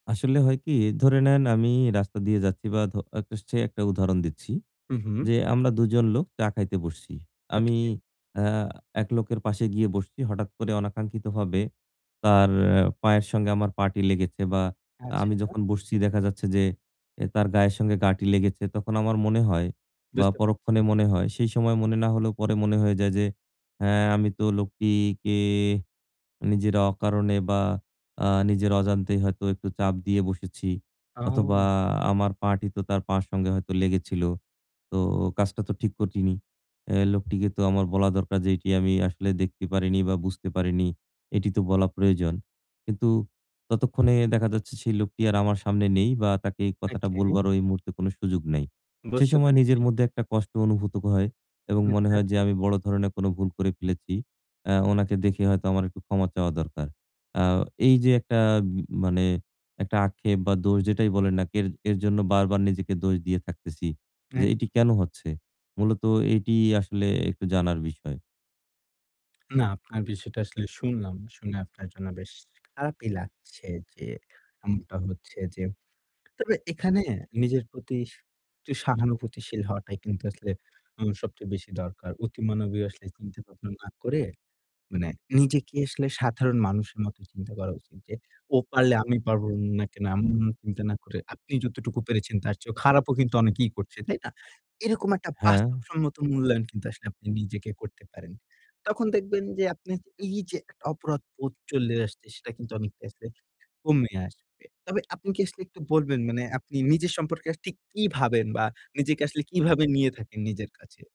আসলে হয় কি? ধরে নেন আমি রাস্তা দিয়ে যাচ্ছি বা ধ একটা সে একটা উদাহরণ দিচ্ছি। উ হুম। যে আমরা দুজন লোক চা খাইতে বসছি। আমি, ওকে। আ এক লোকের পাশে গিয়ে বসছি। হঠাৎ করে অনাকাঙ্ক্ষিতভাবে তার পায়ের সঙ্গে আমার পা'টি লেগেছে বা আ আমি আচ্ছা। যখন বসছি দেখা যাচ্ছে যে এ তার গায়ের সঙ্গে গা'টি লেগেছে। তখন আমার মনে হয় বা বুঝতে পরক্ষণে পারছি। মনে হয়, সেই সময় মনে না হলেও পরে মনে হয়ে যায় যে, "হ্যাঁ, আমি তো লোকটিকে নিজের অকারণে বা আ নিজের অজান্তেই হয়তো একটু চাপ দিয়ে বসেছি অথবা ও! আমার পা'টি তো তার পায়ের সঙ্গে হয়তো লেগেছিল। তো কাজটা তো ঠিক করিনি। এ লোকটিকে তো আমার বলা দরকার যে এটি আমি আসলে দেখতে পারিনি বা বুঝতে পারিনি। এটি তো বলা প্রয়োজন।" কিন্তু ততক্ষণে দেখা যাচ্ছে সেই লোকটি আর আমার সামনে নেই বা তাকে এই কথাটা ওকে। বলবারও এই মুহূর্তে কোনো সুযোগ নেই। সে বুঝতে সময় নিজের পারছি। মধ্যে একটা কষ্ট অনুভূত ক হয় এবং [unintelligible] মনে তা হয় যে ঠিক। আমি বড় ধরনের কোনো ভুল করে ফেলেছি। আ উনাকে দেখে হয়তো আমার একটু ক্ষমা চাওয়া দরকার। আ এই যে একটা ব মানে একটা আক্ষেপ বা দোষ যেটাই বলেন না কের এর জন্য বারবার নিজেকে দোষ দিয়ে থাকতেছি যে এক এটিই কেনো হচ্ছে? মূলত এটি আসলে একটু জানার বিষয়। না, আপনার বিষয়টা আসলে শুনলাম। শুনে আপনার জন্য বেশ খারাপই লাগছে যে এমনটা হচ্ছে যে তবে এখানে নিজের প্রতি স একটু সহানুভূতিশীল হওয়াটাই কিন্তু আসলে উ সবচেয়ে বেশি দরকার। অতি মানবে আসলে চিন্তা ভাবনা না করে, মানে নিজেকে আসলে সাধারণ মানুষের মত চিন্তা করা উচিত যে, ও পারলে আমি পারবো না কেনো [unintelligible] চিন্তা না করে আপনি যতটুকু পেরেছেন তার চেয়েও খারাপও কিন্তু অনেকেই করছে, তাই না? এরকম একটা হ্যাঁ। বাস্তবসম্মত মূল্যায়ন কিন্তু আসলে আপনি নিজেকে করতে পারেন। তখন দেখবেন যে আপনার এই যে একটা অপরাধবোধ চলে আসছে সেটা কিন্তু অনেকটা আসলে কমে আসবে। তবে আপনি কি আসলে একটু বলবেন, মানে আপনি নিজের সম্পর্কে আসলে ঠিক কি ভাবেন বা নিজেকে আসলে কিভাবে নিয়ে থাকেন নিজের কাছে?